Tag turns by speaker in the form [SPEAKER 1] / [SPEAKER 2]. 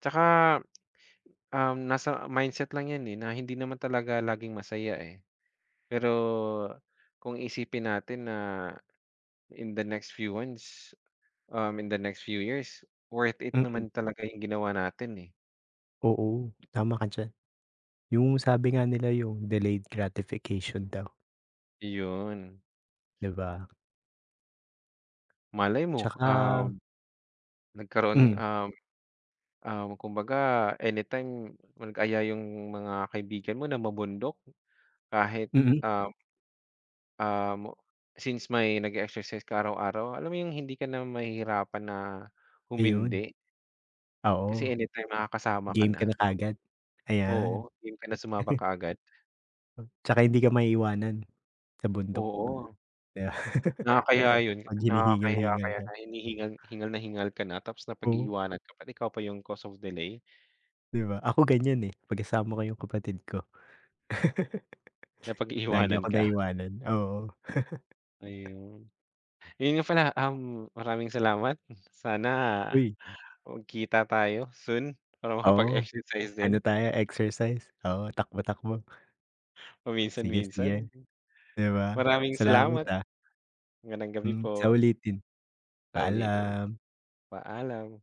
[SPEAKER 1] Tsaka, um, nasa mindset lang yan, eh, na hindi naman talaga laging masaya, eh. Pero, kung iisipin natin na in the next few months, um, in the next few years, worth it
[SPEAKER 2] Mm.
[SPEAKER 1] naman talaga yung ginawa natin, eh.
[SPEAKER 2] Oo, tama ka diyan. Yung sabi nga nila, yung delayed gratification daw.
[SPEAKER 1] Yon.
[SPEAKER 2] 'Di ba?
[SPEAKER 1] Malay mo, um,
[SPEAKER 2] Tsaka
[SPEAKER 1] nagkaroon
[SPEAKER 2] Hmm.
[SPEAKER 1] um, ah, kumbaga anytime mag-aya yung mga kaibigan mo na mamundok, kahit,
[SPEAKER 2] Mm.
[SPEAKER 1] um, um, since may nag-e-exercise ka araw-araw, alam mo yung hindi ka na mahihirapan na
[SPEAKER 2] Ayun.
[SPEAKER 1] humindi? Kasi
[SPEAKER 2] Oo.
[SPEAKER 1] any time nakakasama ka
[SPEAKER 2] Game ka na
[SPEAKER 1] na.
[SPEAKER 2] kaagad. Ayan.
[SPEAKER 1] Oo, yung game kana sumama kaagad.
[SPEAKER 2] Tsaka hindi ka maiiwanan, sa bundok.
[SPEAKER 1] Oo. Nakakahiya yun,
[SPEAKER 2] 'Pag
[SPEAKER 1] nakakahiya
[SPEAKER 2] hinihingal-hingal
[SPEAKER 1] kaya
[SPEAKER 2] ka.
[SPEAKER 1] na hinihingal hingal na hingal ka na tapos
[SPEAKER 2] Oo.
[SPEAKER 1] napag-iiwanan ka pa. Ikaw pa yung cause of delay.
[SPEAKER 2] Di ba? Ako ganyan, eh, 'pag kasama ko yung kapatid ko. Lagi
[SPEAKER 1] Napag-iiwanan
[SPEAKER 2] akong
[SPEAKER 1] ka?
[SPEAKER 2] naiiwanan, oo.
[SPEAKER 1] Ayun. Yun nga pala, um, maraming salamat. Sana,
[SPEAKER 2] Uy!
[SPEAKER 1] magkita tayo soon para
[SPEAKER 2] Oo,
[SPEAKER 1] makapag-exercise
[SPEAKER 2] ano
[SPEAKER 1] din.
[SPEAKER 2] tayo, exercise. Oo, takbo-takbo. Sige, sige.
[SPEAKER 1] Paminsan-minsan.
[SPEAKER 2] 'Di ba?
[SPEAKER 1] Maraming
[SPEAKER 2] Salamat,
[SPEAKER 1] salamat.
[SPEAKER 2] ah.
[SPEAKER 1] Magandang gabi
[SPEAKER 2] Hmm, sa
[SPEAKER 1] po.
[SPEAKER 2] ulitin.
[SPEAKER 1] Sa ulitin.
[SPEAKER 2] Paalam.
[SPEAKER 1] Paalam.